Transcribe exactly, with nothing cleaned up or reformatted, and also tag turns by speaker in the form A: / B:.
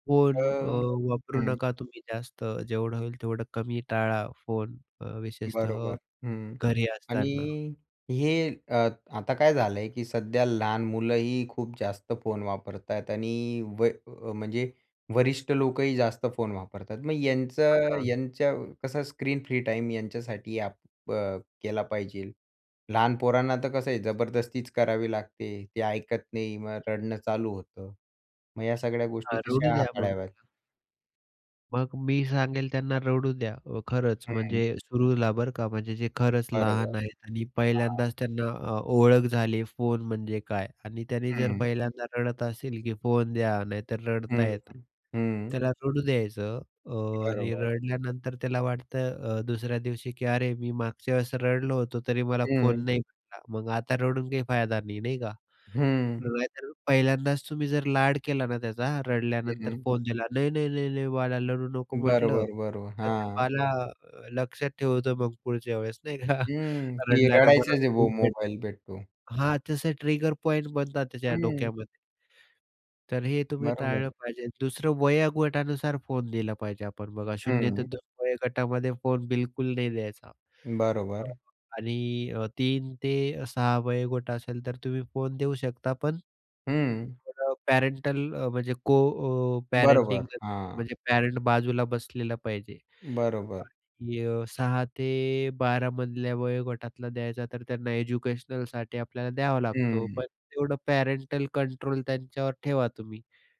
A: Phone अ,
B: अह,
A: वापरू
B: हं.
A: नका तुम्ही जास्त जेवढं होईल तेवढं कमी टाळा फोन अ,
B: बरोबर
A: विशेषतः
B: हं, हं
A: घरी असताना.
B: आणि हे अ, आता काय झालं आहे, की सध्या लहान मुलंही खूप जास्त फोन वापरतात आणि व म्हणजे वरिष्ठ लोकही जास्त फोन वापरतात. मग
A: हां,
B: यांचं
A: हां.
B: यांचं कसं स्क्रीन फ्री टाईम यांच्यासाठी आपण अ, केला पाहिजेल. लहान पोरांना तर कसं आहे, जबरदस्तीच करावी लागते. ते ऐकत नाही, मग रडणं चालू होतं मग या सगळ्या
A: हा
B: गोष्टी
A: रडू
B: कशा
A: द्या मग
B: हाताळाव्यात?
A: तिला. मग मी सांगेल त्यांना रडू द्या.अ, खरंच
B: हं.
A: म्हणजे सुरूला बरं का म्हणजे जे खरंच
B: बरोबर,
A: लहान आहेत आणि
B: हां.
A: पहिल्यांदाच त्यांना अ, ओळख झाली फोन म्हणजे काय आणि त्याने जर
B: हं.
A: पहिल्यांदा रडत असेल की फोन द्या नाही तर
B: हं,
A: रडताय,
B: हं, हं.
A: त्याला रडू द्यायचं अ, आणि
B: बरोबर.
A: रडल्यानंतर त्याला वाटतं अ, दुसऱ्या दिवशी की अरे मी मागच्या वेळेस रडलो होतो तरी मला फोन
B: हं.
A: नाही भेटला. मग आता रडून काही फायदा नाही. नाही का?
B: हं.
A: नाहीतर पहिल्यांदाच तुम्ही जर लाड केला ना त्याचा
B: हं,
A: रडल्यानंतर
B: हं.
A: फोन दिला. नाही, नाही, नाही, नाही बाळा रडू नको म्हटलं.
B: बरोबर, बरोबर.
A: तर ते
B: हां.
A: बाला लक्षात ठेवतो, मग पुढच्या वेळेस नाही का
B: हं. की
A: रडल्यानं मला
B: रडायचाच आहे
A: [unintelligible] भेटते
B: मोबाईल भेटतो.
A: हां तसे ट्रिगर पॉइंट बनतात त्याच्या
B: हं.
A: डोक्यामध्ये. तर हे तुम्ही
B: बरोबर.
A: टाळलं पाहिजे. दुसरं वयोगटानुसार फोन दिला पाहिजे आपण, बघा शून्य ते
B: हं.
A: दोन वयोगटामध्ये फोन बिलकुल नाही द्यायचा हां
B: बरोबर.
A: हां आणि तीन ते सहा वयोगोट असेल तर तुम्ही फोन देऊ शकता पण.
B: हं.
A: [unintelligible] पॅरेंटल अ, म्हणजे को अ, पॅरेंटिंग
B: बरोबर, हां.
A: म्हणजे पॅरेंट बाजूला बसलेला पाहिजे
B: बरोबर.
A: आणि अ, सहा ते बारा मधल्या वयोगटातला द्यायचा, तर त्यांना एज्युकेशनलसाठी आपल्याला द्यावा लागतो.
B: हं.
A: पण तेवढं पॅरेंटल कंट्रोल त्यांच्यावर ठेवा तुम्ही.